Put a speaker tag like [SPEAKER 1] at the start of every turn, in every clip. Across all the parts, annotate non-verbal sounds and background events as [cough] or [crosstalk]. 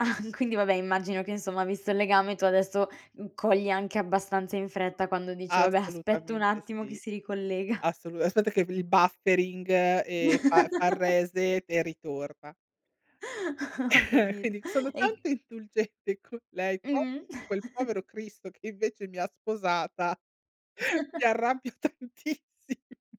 [SPEAKER 1] [chuckles] Quindi, vabbè immagino che insomma, visto il legame, tu adesso, mhmm, cogli anche abbastanza in fretta quando dici: "Vabbè, aspetto un
[SPEAKER 2] Assolutamente
[SPEAKER 1] attimo che
[SPEAKER 2] sì,
[SPEAKER 1] si ricollega." [chuckles]
[SPEAKER 2] assolu aspetta che il buffering, ehm, fa fa il
[SPEAKER 1] [chuckles]
[SPEAKER 2] reset e ritorna.
[SPEAKER 1] [chuckles] Ho
[SPEAKER 2] [chuckles] Eh,
[SPEAKER 1] capito.
[SPEAKER 2] quindi, sono
[SPEAKER 1] E
[SPEAKER 2] tanto
[SPEAKER 1] i
[SPEAKER 2] indulgente con lei,
[SPEAKER 1] Mh.
[SPEAKER 2] proprio con quel povero
[SPEAKER 1] [chuckles]
[SPEAKER 2] cristo, che invece mi ha sposata, [chuckles] mi
[SPEAKER 1] [chuckles]
[SPEAKER 2] arrabbio tantissi [chuckles]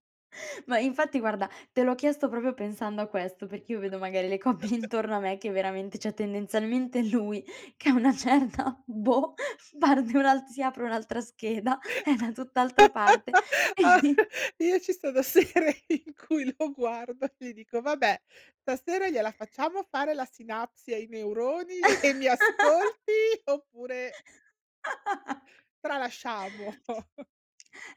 [SPEAKER 1] Ma infatti guarda, te l'ho chiesto proprio pensando a questo, perché io vedo magari le coppie intorno a me che veramente cioè, tendenzialmente lui che a una certa, boh, parte un'alt si apre un'altra scheda, è da tutt'altra parte. E [chuckles]
[SPEAKER 2] [laughs] Io ci sono sere in cui lo guardo e gli dico: "Vabbè, stasera gliela facciamo fare la sinapsi ai neuroni e mi
[SPEAKER 1] [laughs]
[SPEAKER 2] ascolti oppure"
[SPEAKER 1] [laughs]
[SPEAKER 2] "tralasciamo?" [chuckles]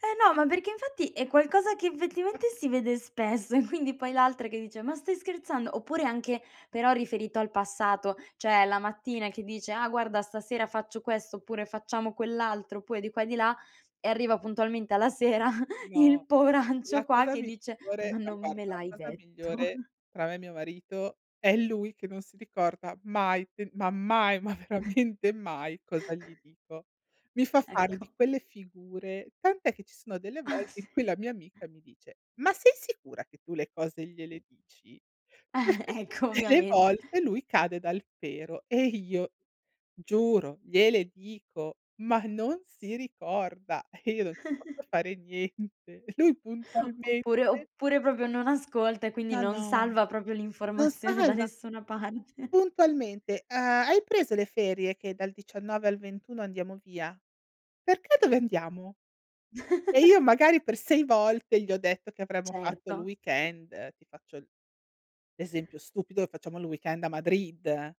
[SPEAKER 1] Eh no, ma perché, infatti, è qualcosa che effettivamente si vede spesso e quindi poi l'altra che dice: "ma stai scherzando?" oppure anche, però riferito al passato, cioè la mattina che dice: "Ah guarda, stasera faccio questo oppure facciamo quell'altro." oppure di qua e di là, e arriva puntualmente alla sera [chuckles] il
[SPEAKER 2] No. La
[SPEAKER 1] poveraccio qua,
[SPEAKER 2] cosa
[SPEAKER 1] che
[SPEAKER 2] miglior
[SPEAKER 1] dice: "Ma
[SPEAKER 2] ma
[SPEAKER 1] non me
[SPEAKER 2] guarda,
[SPEAKER 1] l'hai
[SPEAKER 2] la cosa
[SPEAKER 1] detto."
[SPEAKER 2] migliore
[SPEAKER 1] [chuckles]
[SPEAKER 2] tra me e mio marito, è lui che non si ricorda mai fe ma mai, ma veramente mai cosa gli
[SPEAKER 1] [chuckles]
[SPEAKER 2] dico. Mi fa fare di
[SPEAKER 1] Ecco.
[SPEAKER 2] quelle figure. Tant'è che ci sono delle
[SPEAKER 1] Ah,
[SPEAKER 2] volte in
[SPEAKER 1] sì.
[SPEAKER 2] cui la mia amica mi dice: "Ma sei sicura che tu le cose gliele dici?"
[SPEAKER 1] [chuckles]
[SPEAKER 2] perché
[SPEAKER 1] Ecco,
[SPEAKER 2] tutte le
[SPEAKER 1] ovviamente.
[SPEAKER 2] volte lui cade dal pero e io giuro, gliele dico, ma non si ricorda e io non ci posso
[SPEAKER 1] [chuckles]
[SPEAKER 2] fare niente. E lui puntualmente
[SPEAKER 1] Oppure oppure proprio non ascolta e quindi
[SPEAKER 2] Ma
[SPEAKER 1] non
[SPEAKER 2] no.
[SPEAKER 1] salva proprio
[SPEAKER 2] No
[SPEAKER 1] l'informazione da
[SPEAKER 2] salva!
[SPEAKER 1] nessuna parte.
[SPEAKER 2] Puntualmente, ehm: "Hai preso le ferie che dal 19 al 21 andiamo via?", "Perché dove andiamo?". E io
[SPEAKER 1] [chuckles]
[SPEAKER 2] magari per 6 volte gli ho detto che avremmo fatto il
[SPEAKER 1] Certo.
[SPEAKER 2] weekend. Ti faccio l'esempio stupido, lo facciamo il weekend a Madrid.